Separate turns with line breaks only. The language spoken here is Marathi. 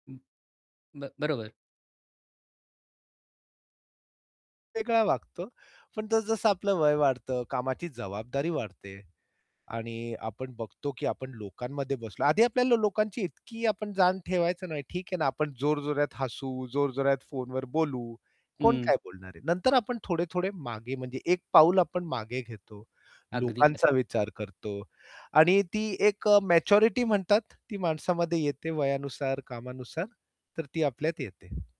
उं ब बरोबर.
वेगळा वागतो. पण जसं-जसं आपलं वय वाढतं, कामाची जबाबदारी वाढते. आणि आपण बघतो, की आपण लोकांमध्ये बसलो आधी आपल्याला लोकांची इतकी आपण जाण ठेवायचो नाही. ठीक आहे ना, आपण जोरजोरात हसू, जोरजोरात फोनवर बोलू, कोण
हं.
काय बोलणार आहे. नंतर आपण थोडे-थोडे मागे म्हणजे 1 पाऊल आपण मागे घेतो,
अगदी खर आहे.
लोकांचा विचार करतो आणि ती एक अ, मॅच्युरिटी म्हणतात, ती माणसामध्ये येते वयानुसार, कामानुसार तर ती आपल्यात येते.